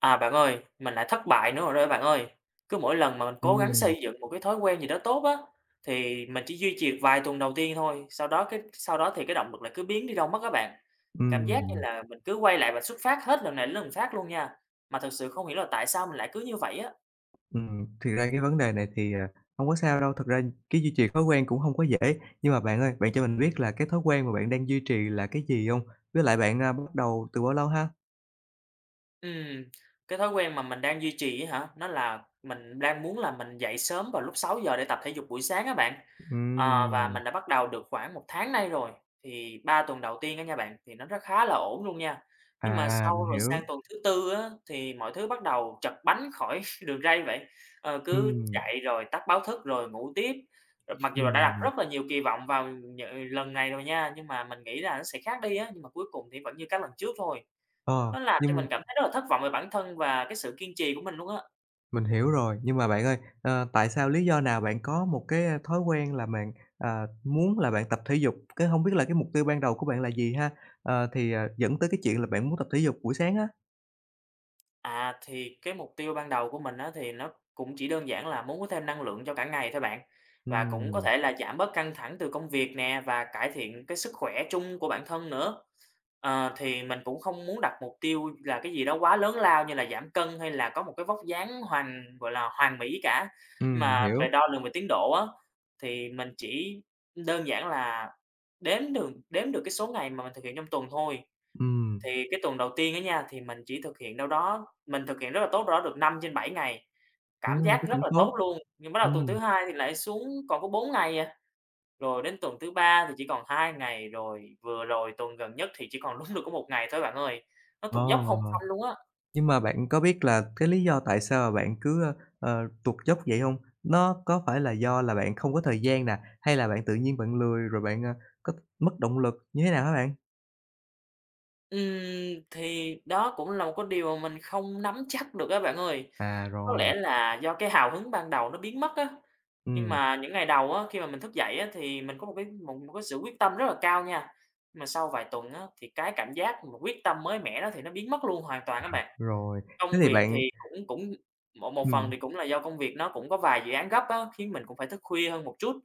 À, bạn ơi, mình lại thất bại nữa rồi đó, bạn ơi. Cứ mỗi lần mà mình cố gắng Ừm. xây dựng một cái thói quen gì đó tốt á, thì mình chỉ duy trì được vài tuần đầu tiên thôi, sau đó cái sau đó thì cái động lực lại cứ biến đi đâu mất á bạn. Cảm giác như Ừm. là mình cứ quay lại vạch xuất phát hết lần này đến lần khác luôn nha. Mà thực sự không hiểu là tại sao mình lại cứ như vậy á. Ừm, thì ra những cái vấn đề này thì hông có sao đâu. Thật ra cái duy trì thói quen cũng hông có dễ. Nhưng mà bạn ơi, bạn cho mình biết là cái thói quen mà bạn đang duy trì là cái gì hông? Với lại bạn, a, bắt đầu từ bao lâu ha? Ừm, cái thói quen mà mình đang duy trì á hả? Nó là mình đang muốn là mình dậy sớm vào lúc 6:00 để tập thể dục buổi sáng á bạn. Ờ, và Ừm. mình đã bắt đầu được khoảng 1 tháng nay rồi. Thì 3 tuần đầu tiên á nha bạn, thì nó rất khá là ổn luôn nha. Nhưng mà À, sau mình rồi hiểu. sang tuần thứ 4 á, thì mọi thứ bắt đầu trật bánh khỏi đường ray vậy. Ờ, cứ Ừm. chạy rồi tắt báo thức, rồi ngủ tiếp, mặc dù là đã đặt Ừm. rất là nhiều kỳ vọng vào nh lần này rồi nha. Nhưng mà mình nghĩ là nó sẽ khác đi á, nhưng mà cuối cùng thì vẫn như các lần trước thôi. Ờ, Nó làm cho mình nhưng cảm thấy rất là thất vọng về bản thân và cái sự kiên trì của mình luôn á. Mình hiểu rồi, nhưng mà bạn ơi, ở, tại sao, lý do nào bạn có một cái thói quen là bạn, ờ, muốn là bạn tập thể dục? Cái hông biết là cái mục tiêu ban đầu của bạn là gì ha, ờ, thì dẫn tới cái chuyện là bạn muốn tập thể dục buổi sáng á? À, thì cái mục tiêu ban đầu của mình á, thì nó cũng chỉ đơn giản là muốn có thêm năng lượng cho cả ngày thôi bạn. Và cũng có Ừm. thể là giảm bớt căng thẳng từ công việc nè, và cải thiện cái sức khỏe chung của bản thân nữa. À, thì mình cũng không muốn đặt mục tiêu là cái gì đó quá lớn lao như là giảm cân hay là có một cái vóc dáng hoàn gọi là hoàn mỹ cả, Ừm, mà về hiểu. đo lường về tiến độ á, thì mình chỉ đơn giản là đếm được đếm được cái số ngày mà mình thực hiện trong tuần thôi. Ừm. Thì cái tuần đầu tiên á nha, thì mình chỉ thực hiện đâu đó mình thực hiện rất là tốt, đâu đó được 5 trên 7 ngày, cảm Ừm, thế giác rất cũng là tốt. tốt luôn. Nhưng bắt đầu tuần thứ Ừm. hai thì lại xuống còn có 4 ngày à. Rồi đến tuần thứ ba thì chỉ còn 2 ngày, rồi vừa rồi tuần gần nhất thì chỉ còn đúng được có 1 ngày thôi, bạn ơi. Nó tụt dốc Ồ. không phanh luôn á. Nhưng mà bạn có biết là cái lý do tại sao bạn cứ, ơ, ờ, tuột dốc vậy hông? Nó có phải là do là bạn không có thời gian nè, hay là bạn tự nhiên bạn lười, rồi bạn có mất động lực như thế nào hả bạn? Ừm, thì đó cũng là một cái điều mình không nắm chắc được á, bạn ơi. À, Có lẽ rồi. là do cái hào hứng ban đầu nó biến mất á. Nhưng Ừm. mà những ngày đầu á, khi mà mình thức dậy á, thì mình có một cái một cái sự quyết tâm rất là cao nha. Mà sau vài tuần á, thì cái cảm giác mà quyết tâm mới mẻ đó thì nó biến mất luôn hoàn toàn á bạn. Rồi, thế Công thì việc thì bạn cũng cũng một một phần Ừm. thì cũng là do công việc nó cũng có vài dự án gấp á, khiến mình cũng phải thức khuya hơn một chút.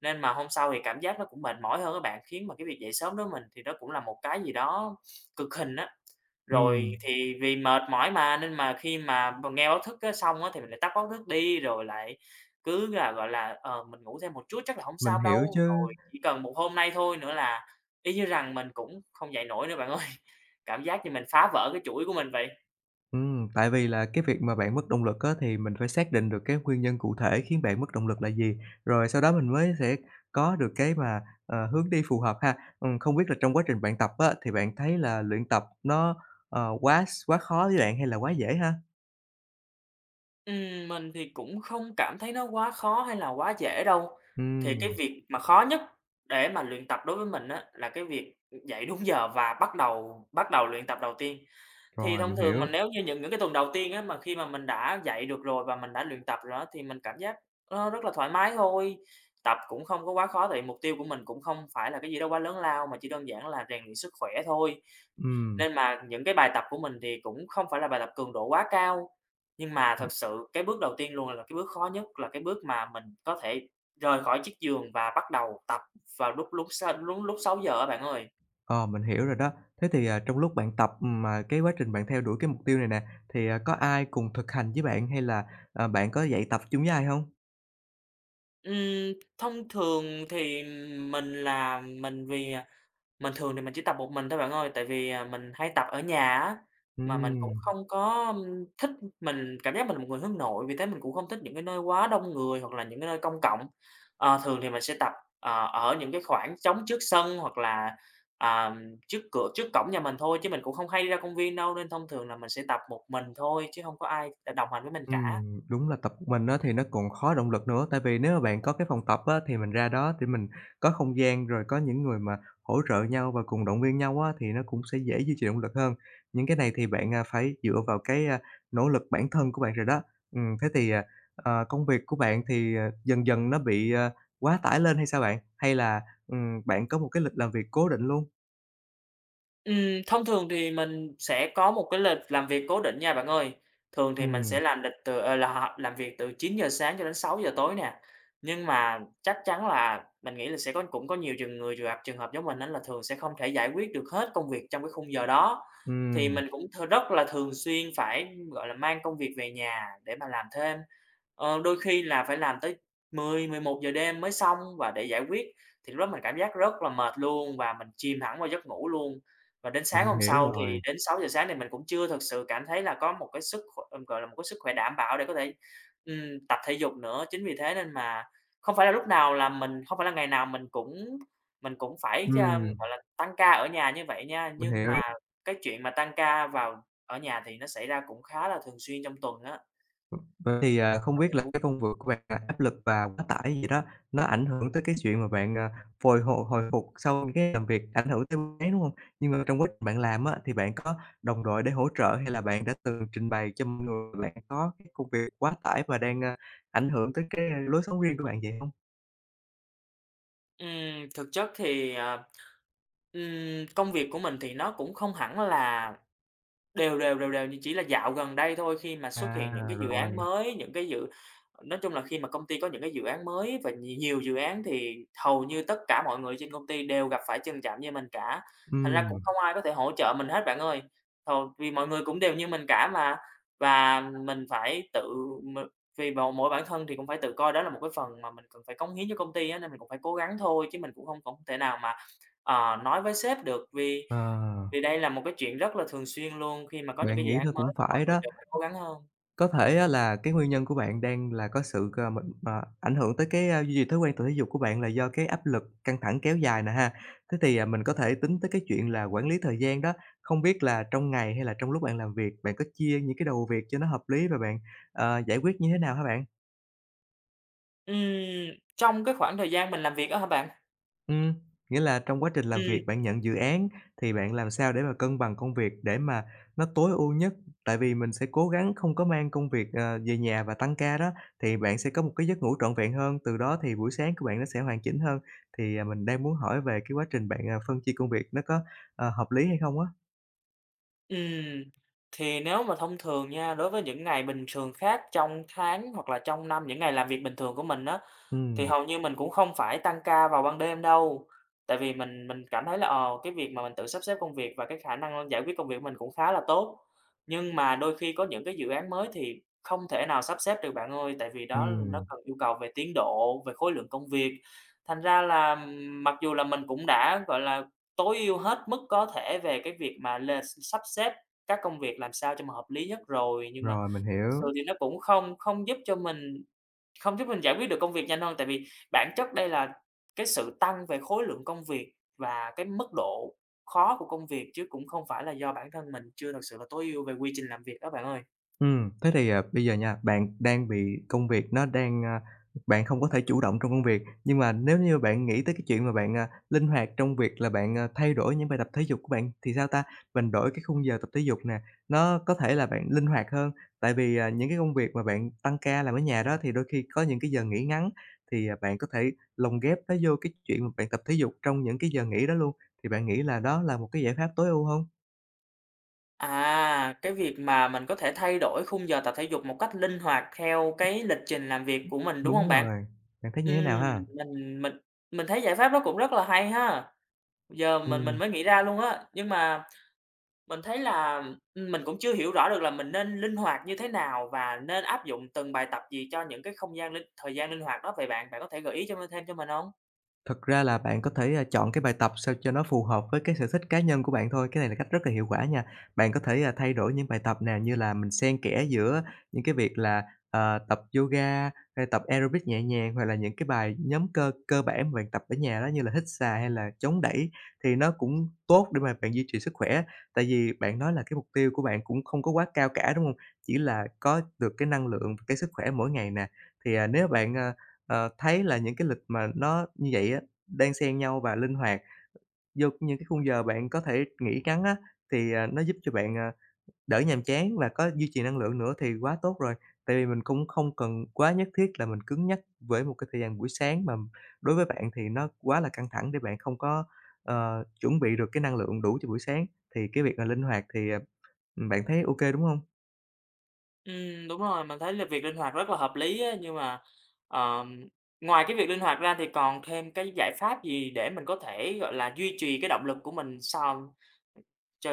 Nên mà hôm sau thì cảm giác nó cũng mệt mỏi hơn á bạn, khiến mà cái việc dậy sớm đối với mình thì nó cũng là một cái gì đó cực hình á. Rồi Ừm. thì vì mệt mỏi mà, nên mà khi mà b nghe báo thức xong á, thì mình lại tắt báo thức đi, rồi lại cứ là, gọi là, ờ, mình ngủ thêm một chút chắc là hổng Mình sao hiểu đâu. chứ. Rồi chỉ cần một hôm nay thôi nữa là y như rằng mình cũng không dậy nổi nữa bạn ơi. Cảm giác như mình phá vỡ cái chuỗi của mình vậy. Ừm, tại vì là cái việc mà bạn mất động lực á thì mình phải xác định được cái nguyên nhân cụ thể khiến bạn mất động lực là gì, rồi sau đó mình mới sẽ có được cái mà, ờ, hướng đi phù hợp ha. Ừm, không biết là trong quá trình bạn tập á, thì bạn thấy là luyện tập nó quá s quá khó với bạn hay là quá dễ ha? Ừm, mình thì cũng không cảm thấy nó quá khó hay là quá dễ đâu. Thì cái Ừm. việc mà khó nhất để mà luyện tập đối với mình á là cái việc dậy đúng giờ và bắt đầu bắt đầu luyện tập đầu tiên. Thì Rồi, thông mình thường mà hiểu. nếu như những những cái tuần đầu tiên á, mà khi mà mình đã dậy được rồi và mình đã luyện tập rồi á, thì mình cảm giác rất, ơ, là thoải mái thôi. Tập cũng không có quá khó, tại vì mục tiêu của mình cũng không phải là cái gì đó quá lớn lao mà chỉ đơn giản là rèn luyện sức khỏe thôi. Ừm. Nên mà những cái bài tập của mình thì cũng không phải là bài tập cường độ quá cao. Nhưng mà thực sự cái bước đầu tiên luôn là cái bước khó nhất, là cái bước mà mình có thể rời khỏi chiếc giường và bắt đầu tập vào lúc lúc sáu lúc lúc 6:00 á, bạn ơi. Ờ, mình hiểu rồi đó. Thế thì trong lúc bạn tập mà cái quá trình bạn theo đuổi mục tiêu này nè, thì có ai cùng thực hành với bạn hay là, ờ, bạn có dậy tập chung với ai hông? Ừm, thông thường thì mình là mình vì mình thường thì mình chỉ tập một mình thôi, bạn ơi. Tại vì mình hay tập ở nhà á, mà mình cũng Ừm. không có thích mình cảm giác mình một người hướng nội, vì thế mình cũng không thích những nơi quá đông người hoặc là những cái nơi công cộng. Ờ, thường thì mình sẽ tập, ờ, ở những cái khoảng trống trước sân hoặc là, ờ, trước cửa trước cổng nhà mình thôi. Chứ mình cũng không hay ra công viên đâu, nên thông thường là mình sẽ tập một mình thôi, chứ hông có ai để đồng hành với mình cả. Ừm, đúng là tập một mình thì nó cũng khó động lực nữa. Tại vì nếu bạn có cái phòng tập á, thì mình ra đó để mình có không gian rồi có những người mà hỗ trợ nhau và cùng động viên nhau á, thì nó cũng sẽ dễ duy trì động lực hơn. Những cái này thì bạn phải dựa vào cái nỗ lực bản thân của bạn rồi đó. Ừm, thế thì, ờ, ờ, công việc của bạn thì dần dần nó bị quá tải lên hay sao bạn? Hay là, ừm, bạn có một cái lịch làm việc cố định luôn? Ừm, thông thường thì mình sẽ có một cái lịch làm việc cố định nha, bạn ơi. Thường thì mình Ừm. sẽ làm lịch từ ờ, là, hò làm việc từ 9:00 sáng cho đến 6:00 tối nè. Nhưng mà chắc chắn là mình nghĩ là sẽ có cũng có nhiều trường người trường gặp trường hợp giống mình á, là thường sẽ không thể giải quyết được hết công việc trong cái khung giờ đó. Thì Ừm. mình cũng th rất là thường xuyên phải, gọi là, mang công việc về nhà để mà làm thêm. Ờ, đôi khi là phải làm tới 10:00-11:00 giờ đêm mới xong và để giải quyết, thì lúc đó mình cảm giác rất là mệt luôn và mình chìm thẳng vào giấc ngủ luôn. Và đến sáng Mình hôm hiểu sau thì rồi. đến 6:00 sáng, thì mình cũng chưa thực sự cảm thấy là có một cái sức kh gọi là một cái sức khỏe đảm bảo để có thể, ừm, tập thể dục nữa. Chính vì thế nên mà không phải là lúc nào là mình không phải là ngày nào mình cũng mình cũng phải, ờ, Ừm. gọi là, tăng ca ở nhà như vậy nha. Mình Nhưng mà hiểu. cái chuyện mà tăng ca vào ở nhà thì nó xảy ra cũng khá là thường xuyên trong tuần á. Vậy thì không biết là cái [unintelligible] công v của bạn là áp lực và quá tải vậy đó, nó ảnh hưởng tới cái chuyện mà bạn, ờ, hồi h hồi phục sau cái làm việc ảnh hưởng tới mấy, đúng không? Nhưng mà trong quá trình bạn làm á, thì bạn có đồng đội để hỗ trợ hay là bạn đã từng trình bày cho mọi người bạn có cái công việc quá tải và đang, ờ, ảnh hưởng tới cái lối sống riêng của bạn vậy hông? Ừm, thực chất thì, ờ, ừm, công việc của mình thì nó cũng không hẳn là đều đều, đều đều. Nhưng chỉ là dạo gần đây thôi, khi mà xuất hiện những À, cái dự án rồi. mới, những cái dự nói chung là khi mà công ty có những cái dự án mới và nhiều nhiều dự án, thì hầu như tất cả mọi người trên công ty đều gặp phải tình trạng như mình cả. Thành ra cũng Ừm. không ai có thể hỗ trợ mình hết, bạn ơi, th vì mọi người cũng đều như mình cả mà. Và mình phải tự m tùy vào mỗi bản thân thì cũng phải tự coi đó là một cái phần mà mình cần phải cống hiến cho công ty á, nên mình cũng phải cố gắng thôi, chứ mình cũng không không thể nào mà, ờ, nói với sếp được, vì Ờ. vì đây là một cái chuyện rất là thường xuyên luôn, khi mà có những Bạn cái dự nghĩ án thôi mới cũng thì mọi phải người đó. đều phải cố gắng hơn. Có thể là cái nguyên nhân của bạn đang là có sự c m m ảnh hưởng tới cái duy trì thói quen tập thể dục của bạn là do cái áp lực căng thẳng kéo dài nè ha, thế thì mình có thể tính tới cái chuyện là quản lý thời gian đó. Không biết là trong ngày hay là trong lúc bạn làm việc, bạn có chia những cái đầu việc cho nó hợp lý rồi bạn, ờ, giải quyết như thế nào hả bạn? Ừm, trong khoảng thời gian mình làm việc á hả bạn? Ừm, nghĩa là trong quá trình làm Ừm. việc bạn nhận dự án thì bạn làm sao để mà cân bằng công việc để mà nó tối ưu nhất. Tại vì mình sẽ cố gắng không có mang công việc, ờ, về nhà và tăng ca đó, thì bạn sẽ có một cái giấc ngủ trọn vẹn hơn. Từ đó thì buổi sáng của bạn nó sẽ hoàn chỉnh hơn. Thì mình đang muốn hỏi về quá trình bạn phân chia công việc nó có, ờ, hợp lý hay không á? Ừm, thì nếu mà thông thường nha, đối với những ngày bình thường khác trong tháng hoặc là trong năm những ngày làm việc bình thường của mình á, thì Ừm. hầu như mình cũng không phải tăng ca vào ban đêm đâu. Tại vì mình mình cảm thấy là, ờ, cái việc mà mình tự sắp xếp công việc và cái khả năng giải quyết công việc của mình cũng khá là tốt. Nhưng mà đôi khi có những cái dự án mới thì không thể nào sắp xếp được, bạn ơi, tại vì đó, nó Ừm. cần yêu cầu về tiến độ, về khối lượng công việc. Thành ra là, mặc dù là mình cũng đã, gọi là, tối ưu hết mức có thể về cái việc mà l sắp xếp các công việc làm sao cho mà hợp lý nhất rồi, nhưng mà Rồi, mình thật sự hiểu. thì nó cũng không không giúp cho mình không giúp mình giải quyết được công việc nhanh hơn. Tại vì bản chất đây là cái sự tăng về khối lượng công việc và cái mức độ khó của công việc, chứ cũng không phải là do bản thân mình chưa thật sự là tối ưu về quy trình làm việc đó, bạn ơi. Ừm, thế thì bây giờ nha, bạn đang bị công việc nó đang bạn không có thể chủ động trong công việc. Nhưng mà nếu như bạn nghĩ tới cái chuyện mà bạn, ờ, linh hoạt trong việc là bạn thay đổi những bài tập thể dục của bạn thì sao ta? Mình đổi cái khung giờ tập thể dục nè, nó có thể là bạn linh hoạt hơn. Tại vì những cái công việc mà bạn tăng ca làm ở nhà đó, thì đôi khi có những giờ nghỉ ngắn, thì bạn có thể lồng ghép nó vô cái chuyện mà bạn tập thể dục trong những giờ nghỉ đó luôn. Thì bạn nghĩ là đó là một cái giải pháp tối ưu hông? À, cái việc mà mình có thể thay đổi khung giờ tập thể dục một cách linh hoạt theo [unintelligible] cái lịch trình làm việc của mình, đúng hông Đúng bạn? rồi, bạn thấy Ừm, như thế nào ha? mình mình mình thấy giải pháp nó cũng rất là hay ha. Giờ mình mình Ừm. mới nghĩ ra luôn á. Nhưng mà mình thấy là, ừm, mình cũng chưa hiểu rõ được là mình nên linh hoạt như thế nào và nên áp dụng từng bài tập gì cho những cái không gian linh thời gian linh hoạt đó vậy bạn? Bạn có thể gợi ý cho thêm cho mình hông? Thật ra là bạn có thể chọn cái bài tập sao cho nó phù hợp với cái sở thích cá nhân của bạn thôi. Cái này là cách rất là hiệu quả nha. Bạn có thể thay đổi những bài tập nè, như là mình xen kẽ giữa những cái việc là, à, tập yoga, hay tập aerobic nhẹ nhàng hoặc là những cái bài nhóm cơ cơ bản mà bạn tập ở nhà đó, như là hít xà hay là chống đẩy. Thì nó cũng tốt để mà bạn duy trì sức khỏe á. Tại vì bạn nói là cái mục tiêu của bạn cũng không có quá cao cả, đúng hông? Chỉ là có được cái năng lượng, cái sức khỏe mỗi ngày nè. Thì nếu bạn, ờ, ờ, thấy là những cái lịch mà nó như vậy đan xen nhau và linh hoạt vô những cái khung giờ bạn có thể nghỉ ngắn á, thì, ờ, nó giúp cho bạn, ờ, đỡ nhàm chán và có duy trì năng lượng nữa thì quá tốt rồi. Tại vì mình cũng không cần quá nhất thiết là mình cứng nhắc với một cái thời gian buổi sáng mà đối với bạn thì nó quá là căng thẳng để bạn không có, ờ, chuẩn bị được cái năng lượng đủ cho buổi sáng. Thì cái việc là linh hoạt thì, ờ, bạn thấy OK, đúng hông? Ừm, đúng rồi, mình thấy là việc linh hoạt rất là hợp lý á, nhưng mà, ờ, ngoài cái việc linh hoạt ra thì còn thêm cái giải pháp gì để mình có thể, gọi là, duy trì cái động lực của mình sòn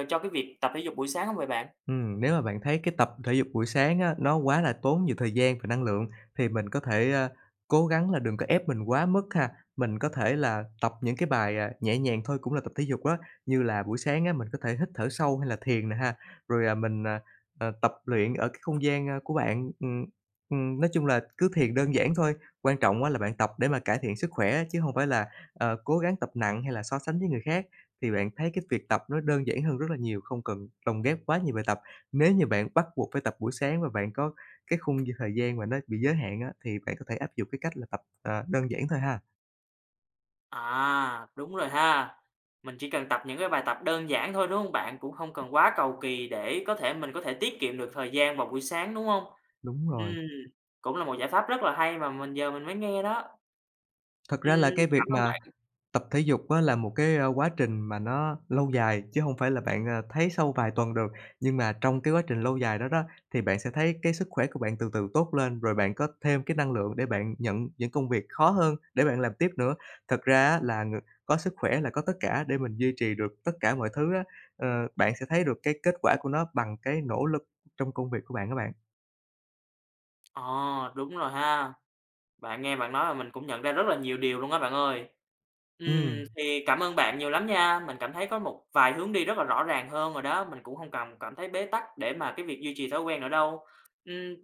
cho cái việc tập thể dục buổi sáng hông vậy bạn? Ừm, nếu mà bạn thấy cái tập thể dục buổi sáng á, nó quá là tốn nhiều thời gian và năng lượng thì mình có thể, ờ, cố gắng là đừng có ép mình quá mức ha. Mình có thể là tập những cái bài nhẹ nhàng thôi cũng là tập thể dục á, như là buổi sáng mình có thể là hít thở sâu hay là thiền nè ha, rồi, ờ, mình, ờ, tập luyện ở cái không gian của bạn. Ừm, ừm, nói chung là cứ thiền đơn giản thôi, quan trọng là bạn tập để mà cải thiện sức khỏe chứ hông phải là, ờ, cố gắng tập nặng hay là so sánh với người khác. Thì bạn thấy cái việc tập nó đơn giản hơn rất là nhiều, không cần lồng ghép quá nhiều bài tập. Nếu như bạn bắt buộc phải tập buổi sáng và bạn có cái khung thời gian mà nó bị giới hạn á, thì bạn có thể áp dụng cái cách là tập, ờ, đơn giản thôi ha. À, đúng rồi ha. Mình chỉ cần tập những cái bài tập đơn giản thôi, đúng hông bạn? Cũng không cần quá cầu kỳ để có thể mình có thể tiết kiệm được thời gian vào buổi sáng, đúng hông? Đúng rồi. Ừm, cũng là một giải pháp rất là hay mà mình giờ mình mới nghe đó. Thật ra là Ừm, cái việc cảm ơn mà bạn. tập thể dục á là một cái quá trình mà nó lâu dài, chứ hông phải là bạn, ờ, thấy sau vài tuần được. Nhưng mà trong cái quá trình lâu dài đó đó, thì bạn sẽ thấy cái sức khỏe của bạn từ từ tốt lên, rồi bạn có thêm cái năng lượng để bạn nhận những công việc khó hơn để bạn làm tiếp nữa. Thực ra á là ng có sức khỏe là có tất cả để mình duy trì được tất cả mọi thứ á. Ờ, bạn sẽ thấy được cái kết quả của nó bằng cái nỗ lực trong công việc của bạn á bạn. À, đúng rồi ha. Bạn nghe bạn nói mà mình cũng nhận ra rất là nhiều điều luôn á, bạn ơi. Ừm, Ừm. thì cảm ơn bạn nhiều lắm nha. Mình cảm thấy có một vài hướng đi rất là rõ ràng hơn rồi đó. Mình cũng hông cần cảm thấy bế tắc để mà cái việc duy trì thói quen nữa đâu. Ừm,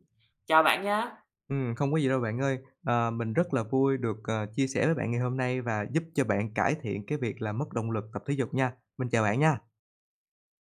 chào bạn nha! Ừm, không có gì đâu bạn ơi. Ờ, mình rất là vui được, ờ, chia sẻ với bạn ngày hôm nay và giúp cho bạn cải thiện cái việc làm mất động lực tập thể dục nha. Mình chào bạn nha!